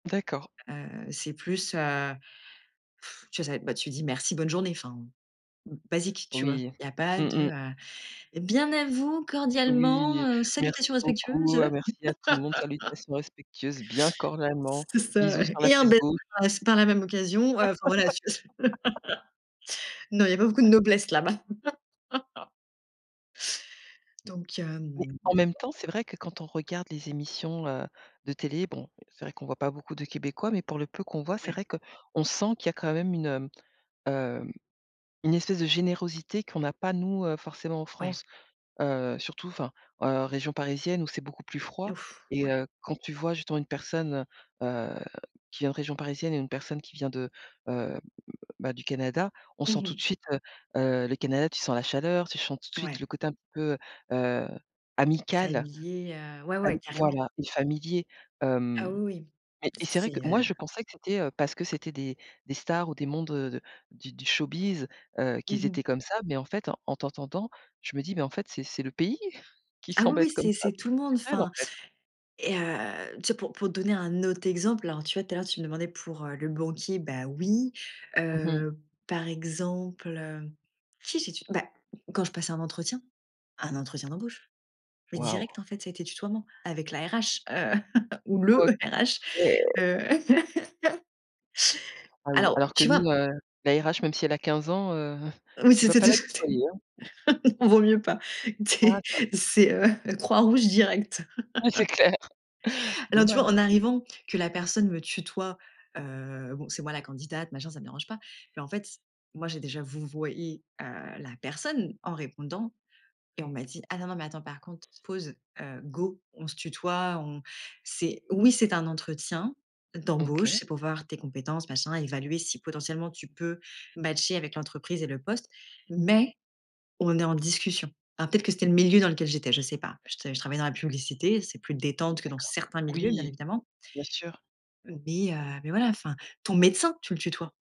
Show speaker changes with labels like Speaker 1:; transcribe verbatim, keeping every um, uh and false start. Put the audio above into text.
Speaker 1: D'accord.
Speaker 2: Heu, c'est plus, heu,, tu vois? Ça va être, bah, tu dis merci, bonne journée, enfin, b basique, tu vois?
Speaker 1: Oui.
Speaker 2: Il y a pas
Speaker 1: Mmh
Speaker 2: de,
Speaker 1: mh.
Speaker 2: heu: «Bien à vous, cordialement,
Speaker 1: Oui
Speaker 2: heu, salutations
Speaker 1: «Merci beaucoup,
Speaker 2: respectueuses.»
Speaker 1: heu, merci à tout le monde, salutations respectueuses, bien cordialement,
Speaker 2: C'est ça,
Speaker 1: bisous
Speaker 2: ouais,
Speaker 1: sur la
Speaker 2: et un
Speaker 1: fesse
Speaker 2: bel [unintelligible]
Speaker 1: gauche.»
Speaker 2: aussi, par la même occasion, heu, enfin voilà, tu vois? Non, il y a pas beaucoup de noblesse, là-bas. Donc,
Speaker 1: Mais,
Speaker 2: hem
Speaker 1: en même temps, c'est vrai que, quand on regarde les émissions, heu, de télé, bon, c'est vrai qu'on voit pas beaucoup de Québécois, mais pour le peu qu'on voit, c'est
Speaker 2: Ouais.
Speaker 1: vrai qu'on sent qu'il y a quand même une, mmh, heu, une espèce de générosité qu'on n'a pas nous, heu, forcément, en
Speaker 2: Ouais.
Speaker 1: France. Heu, surtout, enfin, heu, région parisienne, où c'est beaucoup plus froid,
Speaker 2: Ouf!
Speaker 1: et
Speaker 2: Ouais.
Speaker 1: heu, quand tu vois? Justement une personne, heu heu, qui vient de région parisienne et une personne qui vient de, heu, bah, du Canada, on
Speaker 2: Mmh
Speaker 1: sent tout de
Speaker 2: mh.
Speaker 1: suite, heu heu, le Canada, tu sens la chaleur, tu chens tout de suite
Speaker 2: Ouais.
Speaker 1: le côté un petit peu, heu, amical,
Speaker 2: Familier, heu, ouais,
Speaker 1: am
Speaker 2: ouais, carrément!
Speaker 1: voilà, et familier.
Speaker 2: Ah
Speaker 1: Hem,
Speaker 2: oui, oui.
Speaker 1: et et
Speaker 2: C
Speaker 1: c'est vrai que
Speaker 2: c'est,
Speaker 1: moi,
Speaker 2: heu
Speaker 1: je pensais que c'était, heu, parce que c'était des des stars ou des mondes de de, du du showbiz, heu, qu'ils
Speaker 2: Mmh mh.
Speaker 1: étaient comme ça, mais en fait, en t'entendant, je me dis, mais en fait, c'est c'est le pays qui
Speaker 2: Ah oui
Speaker 1: semble
Speaker 2: oui,
Speaker 1: être comme
Speaker 2: c'est
Speaker 1: ça,
Speaker 2: c'est
Speaker 1: c'est
Speaker 2: tout le monde,
Speaker 1: culturel, en
Speaker 2: enfin,
Speaker 1: fait.
Speaker 2: et heu, tu vois? Pour pour te donner un autre exemple, alors tu vois? Tout à l'heure, tu me demandais pour, heu, le banquier, bah oui.
Speaker 1: Mmh mh.
Speaker 2: Heu, par exemple, heu, qui j'ai tu beh, quand je passais un entretien un entretien d'embauche, mais
Speaker 1: Waouh.
Speaker 2: direct en fait, ça a été tutoiement avec la RH, heu, ou le
Speaker 1: OK.
Speaker 2: RH. Heu.
Speaker 1: Ah oui,
Speaker 2: Alors,
Speaker 1: alors que
Speaker 2: tu vois?
Speaker 1: nous, heu, la RH, même si elle a quinze ans, heu,
Speaker 2: Oui,
Speaker 1: tu vas
Speaker 2: c'était
Speaker 1: pas
Speaker 2: de
Speaker 1: la
Speaker 2: ce côté.
Speaker 1: tutoyer, hein!
Speaker 2: Ah non, il vaut mieux pas.
Speaker 1: Ah
Speaker 2: Tu sais,
Speaker 1: ça.
Speaker 2: c'est, heu, croix rouge direct.
Speaker 1: Oui, c'est clair.
Speaker 2: Alors tu vois? En
Speaker 1: Dommage.
Speaker 2: arrivant, que la personne me tutoie, heu, bon, c'est moi la candidate, machin, ça me dérange pas, mais en fait, moi, j'ai déjà vouvoyé, heu, la personne en répondant et on m'a dit: «Ah nan nan nan, mais attends par contre, pause, heu, go on se tutoie, on c'est oui, c'est un entretien, d'embauche,
Speaker 1: OK.
Speaker 2: c'est pour voir tes compétences machin, évaluer si potentiellement tu peux matcher avec l'entreprise et le poste, mais on est en discussion.» alors peut-être que c'était le milieu dans lequel j'étais, je sais pas. Je te je travaillais dans la publicité, c'est plus détente que dans
Speaker 1: D'accord.
Speaker 2: certains milieux, bien
Speaker 1: Oui,
Speaker 2: évidemment
Speaker 1: bien sûr.
Speaker 2: mais heu, mais voilà, enfin. Ton médecin, tu le tutoies.